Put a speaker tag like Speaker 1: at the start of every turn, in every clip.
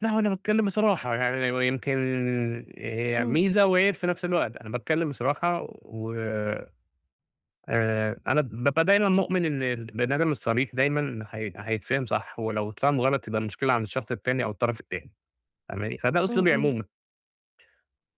Speaker 1: لا، هو أنا باتكلم بصراحة يعني، ي يمكن، آآ،
Speaker 2: إمم.
Speaker 1: ميزة وعيب في نفْس الوقت، أنا باتكلم بصراحة، وآآ أنا بابقى دايمًا مؤمن إن البني آدم الصريح دايمًا ح حيتفهم صح، ولو اتفهم غلط يبقى المشكلة عند الشخص التاني، أو الطرف التاني فاهماني؟ فده
Speaker 2: إمم،
Speaker 1: أسلوبي
Speaker 2: إمم.
Speaker 1: عمومًا.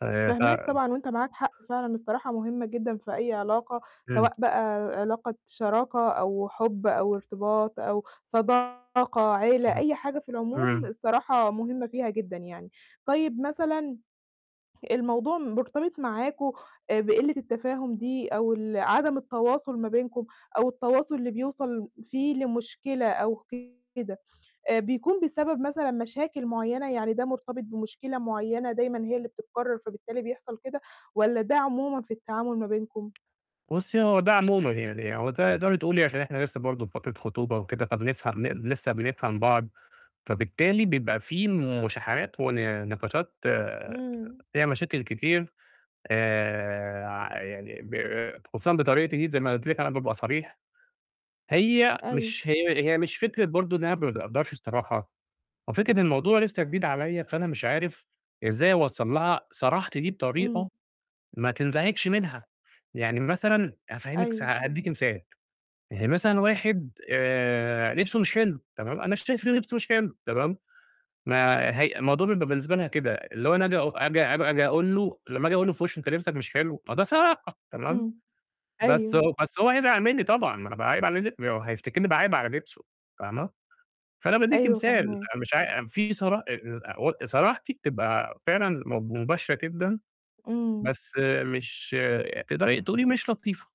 Speaker 1: آآ، ف
Speaker 2: فاهماك طبعًا وأنت معاك حق فعلًا، الصراحة مهمة جدًا في أي علاقة،
Speaker 1: إمم.
Speaker 2: سواء بقى علاقة شراكة أو حب أو ارتباط أو صداقة عيلة،
Speaker 1: إمم،
Speaker 2: أي حاجة في العموم،
Speaker 1: إمم
Speaker 2: الصراحة مهمة فيها جدًا يعني، طيب مثلًا، الموضوع مرتبط معاكم آآ بقِلة التفاهم دي أو ال عدم التواصل ما بينكم أو التواصل اللي بيوصل فيه لمشكلة أو كده بيكون بسبب مثلًا مشاكل معيّنة، يعني ده مرتبط بمشكلة معيّنة، دايمًا هي اللي بتتكرر، فبالتالي بيحصل كده، والّا ده عمومًا في التعامل ما بينكم؟
Speaker 1: بُصي هو ده عمومًا يعني، هو ده تقدري تقولي عشان إحنا لسه برضه في فترة خطوبة وكده، فبنفهم نق لسه بنفهم بعض، فبالتالي بيبقى في مشاحنات ون نقاشات
Speaker 2: إمم.
Speaker 1: فيها مشاكل كتير، آآ، ع يعني ب خصوصًا بطريقتي دي، زي ما قُلت لِك أنا بابقى صريح، هي
Speaker 2: أيوه
Speaker 1: مش هي هي مش فكرة برضه إن أنا ما باقدرش الصراحة، هو فكرة الموضوع لسه جديد عليَّ، فأنا مش عارف إزاي أوصّل لها صراحتي دي
Speaker 2: إمم.
Speaker 1: بطريقة ما تنزعجش منها، يعني مثلًا أفهّمك سا
Speaker 2: أيوه.
Speaker 1: هادِّيكِ مثال يعني هي مثلًا واحد آآ لبسه مش حلو، تمام، أنا شايف إن لبسه مش حلو تمام، ما هي الموضوع بيبقى بالنسبة لها كده اللي هو أنا آجي أق آجي آجي أقول له، لمّا آجي أقول له في وشه لبسك مش حلو، ما ده صراحة، تمام،
Speaker 2: امم،
Speaker 1: بس
Speaker 2: أيوه.
Speaker 1: هو بس هو هيزعل مني طبعًا، ما أنا باعايب علي لب هو هيفتكرني باعايب على لبسه فاهمة؟ فأنا بادِّيكِ
Speaker 2: أيوه
Speaker 1: مثال،
Speaker 2: فاهماك.
Speaker 1: أنا مش عاي في صراحة [unintelligible] صراحتي بتبقى فعلًا م مباشرة جدًا،
Speaker 2: إمم.
Speaker 1: بس مش تقدري تقولي مش لطيفة.